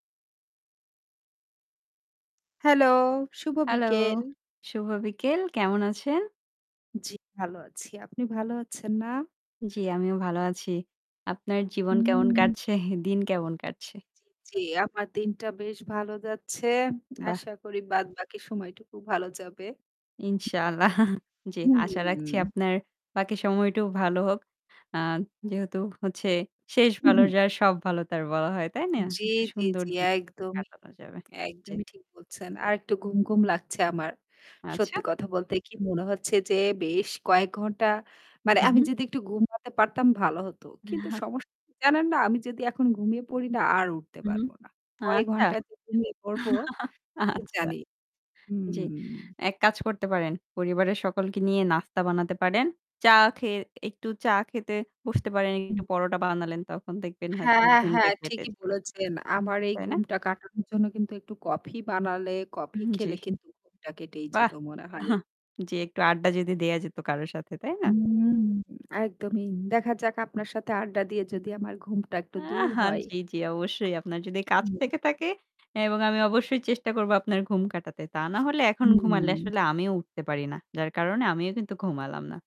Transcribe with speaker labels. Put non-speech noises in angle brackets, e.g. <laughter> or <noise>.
Speaker 1: Hello, শুভ
Speaker 2: hello.
Speaker 1: বিকেল।
Speaker 2: শুভ বিকেল কেমন আছেন?
Speaker 1: জ্বি, ভালো আছি। আপনি ভালো আছেন না?
Speaker 2: জ্বি আমিও ভালো আছি। আপনার জীবন কেমন
Speaker 1: হুম।
Speaker 2: কাটছে, দিন কেমন কাটছে?
Speaker 1: জি, জি, জি। আমার দিনটা বেশ ভালো যাচ্ছে।
Speaker 2: বাহ!
Speaker 1: আশা করি বাদবাকি সময়টুকু ভালো যাবে।
Speaker 2: ইনশাআল্লাহ। জ্বী। আশা রাখছি
Speaker 1: হুম।
Speaker 2: আপনার বাকি সময়টাও ভালো হোক। আ যেহেতু হচ্ছে শেষ ভালো
Speaker 1: <clears throat>
Speaker 2: যার সব ভালো তার বলা হয়। তাই না?
Speaker 1: জ্বি,
Speaker 2: একটা
Speaker 1: জ্বি,
Speaker 2: সুন্দর
Speaker 1: জ্বি।
Speaker 2: দিন
Speaker 1: একদমই
Speaker 2: কাটানো যাবে। জি।
Speaker 1: একদমই ঠিক বলছেন। আরেকটু ঘুমঘুম লাগছে আমার।
Speaker 2: আচ্ছা।
Speaker 1: সত্যি কথা বলতে কি মনে হচ্ছে যে বেশ কয়েক ঘন্টা মানে
Speaker 2: হু,
Speaker 1: আমি
Speaker 2: হু।
Speaker 1: যদি একটু ঘুমাতে পারতাম ভালো হতো। কিন্তু
Speaker 2: না।
Speaker 1: সমস্যা জানেন না আমি যদি এখন ঘুমিয়ে পড়ি না আর উঠতে
Speaker 2: হুম।
Speaker 1: পারব না। কয়
Speaker 2: আচ্ছা।
Speaker 1: ঘন্টা যে ঘুমিয়ে পড়বো
Speaker 2: <chuckles>
Speaker 1: কি
Speaker 2: আচ্ছা।
Speaker 1: জানি।
Speaker 2: জ্বী,
Speaker 1: হুম।
Speaker 2: এক কাজ করতে পারেন। পরিবারের সকলকে নিয়ে নাস্তা বানাতে পারেন। চা খেয়ে একটু চা খেতে বসতে পারেন।
Speaker 1: হুম।
Speaker 2: একটু পরোটা বানালেন। তখন দেখবেন হয়তো
Speaker 1: হ্যাঁ,
Speaker 2: ঘুমটা
Speaker 1: হ্যাঁ।
Speaker 2: কেটে
Speaker 1: ঠিকই
Speaker 2: যাবে।
Speaker 1: বলেছেন। আমার এই
Speaker 2: তাই না?
Speaker 1: ঘুমটা কাটানোর জন্য কিন্তু একটু কফি বানালে, কফি
Speaker 2: হুম,
Speaker 1: খেলে
Speaker 2: জ্বি।
Speaker 1: কিন্তু ঘুমটা কেটেই যেত
Speaker 2: বাহ!
Speaker 1: মনে হয়।
Speaker 2: <scoffs> জ্বি, একটু আড্ডা যদি দেয়া যেত কারো সাথে তাই না?
Speaker 1: হুম। একদমই। দেখা যাক আপনার সাথে আড্ডা দিয়ে যদি আমার ঘুমটা একটু দূর হয়।
Speaker 2: <scoffs> জ্বি, জ্বি অবশ্যই। আপনার যদি কাজ
Speaker 1: হুম।
Speaker 2: থেকে থাকে এবং আমি অবশ্যই চেষ্টা করব আপনার ঘুম কাটাতে। তা না হলে এখন ঘুমালে
Speaker 1: হুম।
Speaker 2: আসলে আমিও উঠতে পারি না। যার কারণে আমিও কিন্তু ঘুমালাম না।